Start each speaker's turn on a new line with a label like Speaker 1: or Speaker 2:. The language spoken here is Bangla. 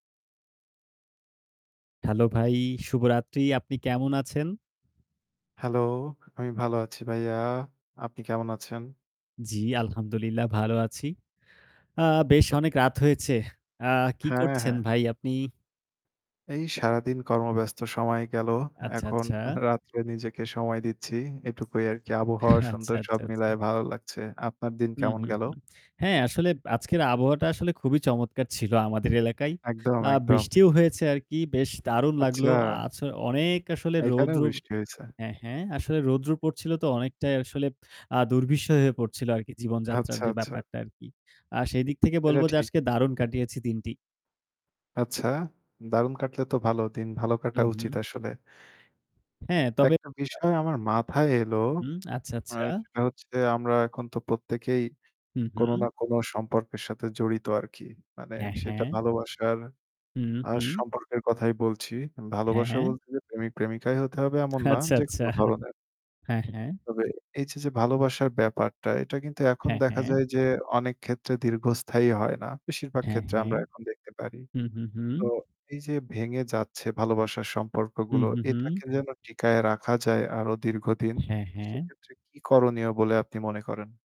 Speaker 1: হ্যালো ভাই, শুভরাত্রি আপনি কেমন আছেন?
Speaker 2: হ্যালো, আমি ভালো আছি ভাইয়া। আপনি কেমন আছেন?
Speaker 1: জি আলহামদুলিল্লাহ ভালো আছি। আ বেশ অনেক রাত হয়েছে। আ কি
Speaker 2: হ্যাঁ,
Speaker 1: করছেন
Speaker 2: হ্যাঁ।
Speaker 1: ভাই আপনি?
Speaker 2: এই সারাদিন কর্মব্যস্ত সময় গেলো।
Speaker 1: আচ্ছা,
Speaker 2: এখন
Speaker 1: আচ্ছা।
Speaker 2: রাত্রে নিজেকে সময় দিচ্ছি। এটুকুই আরকি আবহাওয়া
Speaker 1: আচ্ছা,
Speaker 2: সুন্দর সব
Speaker 1: আচ্ছা, আচ্ছা।
Speaker 2: মিলায়ে ভালো লাগছে। আপনার দিন
Speaker 1: হুম,
Speaker 2: কেমন
Speaker 1: হুম,
Speaker 2: গেল?
Speaker 1: হুম। হ্যাঁ, আসলে আজকের আবহাওয়াটা আসলে খুবই চমৎকার ছিল আমাদের এলাকায়।
Speaker 2: একদম,
Speaker 1: আ
Speaker 2: একদম।
Speaker 1: বৃষ্টিও হয়েছে আরকি বেশ দারুণ লাগলো।
Speaker 2: আচ্ছা।
Speaker 1: আছ অনেক আসলে
Speaker 2: এখানেও
Speaker 1: রৌদ্র
Speaker 2: বৃষ্টি হইছে।
Speaker 1: হ্যাঁ, হ্যাঁ আসলে রৌদ্র পড়ছিল তো অনেকটাই আসলে আ দুর্বিষহ হয়ে পড়ছিল আরকি জীবনযাত্রার
Speaker 2: আচ্ছা,
Speaker 1: যে
Speaker 2: আচ্ছা।
Speaker 1: ব্যাপারটা আরকি। আর সেদিক থেকে বলব
Speaker 2: সেটা
Speaker 1: যে
Speaker 2: ঠিক।
Speaker 1: আজকে দারুণ কাটিয়েছি দিনটি।
Speaker 2: আচ্ছা, দারুণ কাটলে তো ভালো দিন ভালো
Speaker 1: হু,
Speaker 2: কাটা উচিত
Speaker 1: হু।
Speaker 2: আসলে।
Speaker 1: হ্যাঁ, তবে
Speaker 2: একটা বিষয় আমার মাথায় এলো।
Speaker 1: হুম। আচ্ছা,
Speaker 2: আ
Speaker 1: আচ্ছা।
Speaker 2: সেটা হচ্ছে আমরা এখন তো প্রত্যেকেই
Speaker 1: হু,
Speaker 2: কোন
Speaker 1: হু।
Speaker 2: না কোন সম্পর্কের সাথে জড়িত আরকি। মানে
Speaker 1: হ্যাঁ,
Speaker 2: সেটা
Speaker 1: হ্যাঁ।
Speaker 2: ভালোবাসার
Speaker 1: হু,
Speaker 2: আ
Speaker 1: হু।
Speaker 2: সম্পর্কের কথাই বলছি।
Speaker 1: হ্যাঁ,
Speaker 2: ভালোবাসা
Speaker 1: হ্যাঁ।
Speaker 2: বলছি যে প্রেমিক প্রেমিকাই হতে হবে এমন না
Speaker 1: আচ্ছা,
Speaker 2: যেকোন
Speaker 1: আচ্ছা।
Speaker 2: ধরনের।
Speaker 1: হ্যাঁ, হ্যাঁ।
Speaker 2: তবে এই যে, যে ভালোবাসার ব্যাপারটা এটা কিন্তু এখন
Speaker 1: হ্যাঁ,
Speaker 2: দেখা
Speaker 1: হ্যাঁ।
Speaker 2: যায় যে অনেক ক্ষেত্রে দীর্ঘস্থায়ী হয় না। বেশিরভাগ
Speaker 1: হ্যাঁ,
Speaker 2: ক্ষেত্রে
Speaker 1: হ্যাঁ।
Speaker 2: আমরা এখন দেখতে পারি।
Speaker 1: হু, হু, হু।
Speaker 2: তো এই যে ভেঙে যাচ্ছে ভালোবাসার
Speaker 1: হু,
Speaker 2: সম্পর্কগুলো
Speaker 1: হু, হু।
Speaker 2: এটাকে যেন টিকায় রাখা যায় আরো দীর্ঘদিন।
Speaker 1: হ্যাঁ, হ্যাঁ।
Speaker 2: সেক্ষেত্রে কি করণীয় বলে আপনি মনে করেন?